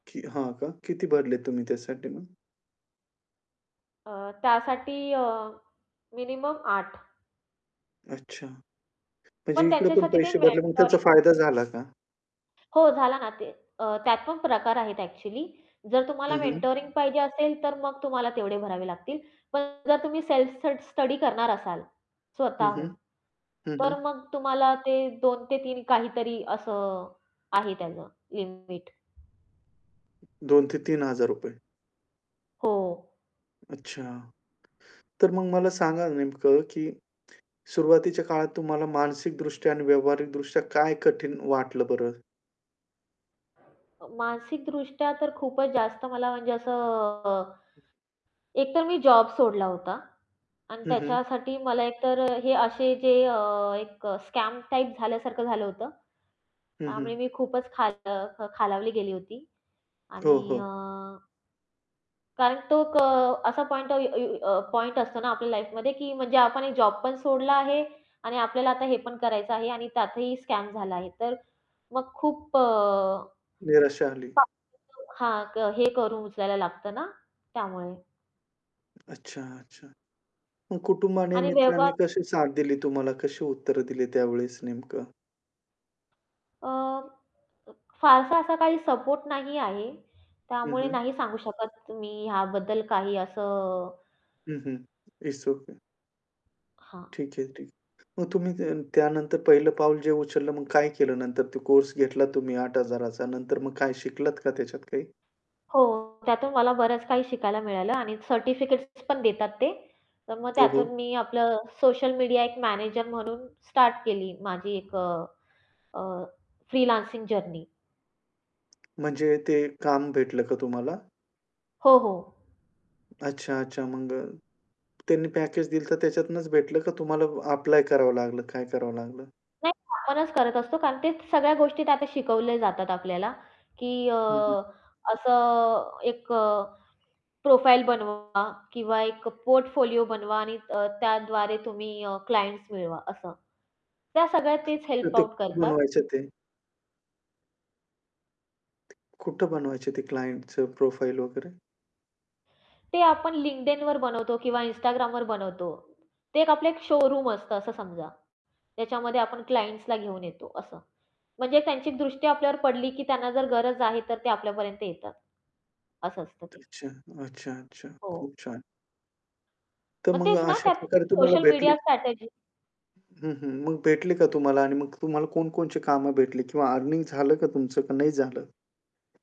की हां, का? किती भरलेत तुम्ही त्यासाठी मग? त्यासाठी अ, मिनिमम 8 अच्छा म्हणजे पण इकडे पण त्यांच्यासाठी ते पैसे भरले मग त्याचा मेंटरिंग फायदा झाला का? हो, झाला ना. ते अ, त्यात पण प्रकार आहेत एक्चुअली. जर तुम्हाला हं, हं. मेंटरिंग पाहिजे असेल, तर मग तुम्हाला तेवढे भरावे लागतील, पण जर तुम्ही सेल्फ स स्टडी करणार असाल हं, स्वतःहून, हं. हं, हं. तर मग तुम्हाला ते 2 ते 3 काहीतरी असं आहे त्याचं लिमिट. ₹2000 ते ₹3000 हो. अच्छा, तर मग मला सांगा नेमकं, की सुरुवातीच्या काळात तुम्हाला मानसिकदृष्ट्या आणि व्यावहारिकदृष्ट्या काय कठीण वाटलं बरं? अ, मानसिकदृष्ट्या तर खूपच जास्त मला म्हणजे असं एकतर मी जॉब सोडला होता आणि हं, हं. त्याच्यासाठी मला एक तर हे असे जे अ, एक स्कॅम टाइप झाल्यासारखं झालं होतं, हं, त्यामुळे हं. मी खूपच खाल अ, खालावली गेली होती हो, आणि अ हो. कारण तो एक असा पॉइंट पॉइंट असतो ना आपल्या लाईफमध्ये, की म्हणजे आपण एक जॉब पण सोडला आहे आणि आपल्याला आता हे पण करायचं आहे आणि त्यातही स्कॅम झाला आहे. तर मग खूप अ निराशा आली. [unintelligible] हां, हे करून उचलायला लागतं ना त्यामुळे. अच्छा, अच्छा. मग कुटुंबाने, आणि मित्रांनी [unintelligible] कशी साथ दिली तुम्हाला? कशी उत्तर दिली त्यावेळेस नेमकं? अ, फारसा असा काही सपोर्ट नाही आहे. हं, त्यामुळे हं. नाही सांगू शकत मी ह्याबद्दल, काही असं हं, हं. It's okay. हां. ठीक आहे ठीक. मग तुम्ही त्यानंतर पहिलं पाऊल जे उचललं, मग काय केलं नंतर ते कोर्स घेतला तुम्ही 8,000 चा नंतर मग काय शिकलात का त्याच्यात काही? हो, त्यातून मला बरंच काही शिकायला मिळालं आणि सर्टिफिकेट्स पण देतात ते. तर मग हो, हो. त्यातून मी आपलं सोशल मीडिया एक मॅनेजर म्हणून, स्टार्ट केली माझी एक अ, अ, फ्रीलान्सिंग जर्नी. म्हणजे ते काम भेटलं का तुम्हाला? हो, हो. अच्छा, अच्छा. मग अ, त्यांनी पॅकेज दिलं होतं त्याच्यातूनच भेटलं का तुम्हाला ॲप्लाय करावं लागलं, काय करावं लागलं? नाही आपणच करत असतो. कारण तेच सगळ्या गोष्टी आता शिकवल्या जातात आपल्याला, की अ, हं, हं. असं अ, एक अ, प्रोफाइल बनवा किंवा एक पोर्टफोलिओ बनवा आणि त्याद्वारे तुम्ही अ, क्लायंट्स मिळवा असं. त्या सगळ्या तेच तर हेल्प ते आउट [unintelligible] करतात. बनवायचं ते. कुठं बनवायचे ते क्लायंटचं प्रोफाइल वगैरे? ते आपण LinkedInवर बनवतो किंवा Instagramवर बनवतो. ते आपलं एक शोरूम असतं असं समजा. त्याच्यामध्ये आपण क्लायंट्सला घेऊन येतो असं. म्हणजे त्यांची एक दृष्टी आपल्यावर पडली, की त्यांना जर गरज आहे, तर ते आपल्यापर्यंत येतात. असं असतं ते. अच्छा, अच्छा, अच्छा. हो. खूप छान. तर मग मग तेच ना अशा त्यात [unintelligible] प्रकारे तुम्हाला सोशल भेटली मीडिया हं, स्ट्रॅटेजी हं. मग भेटले का तुम्हाला आणि मग तुम्हाला कोणकोणची कामं भेटली किंवा अर्निंग झालं का तुमचं का नाही झालं?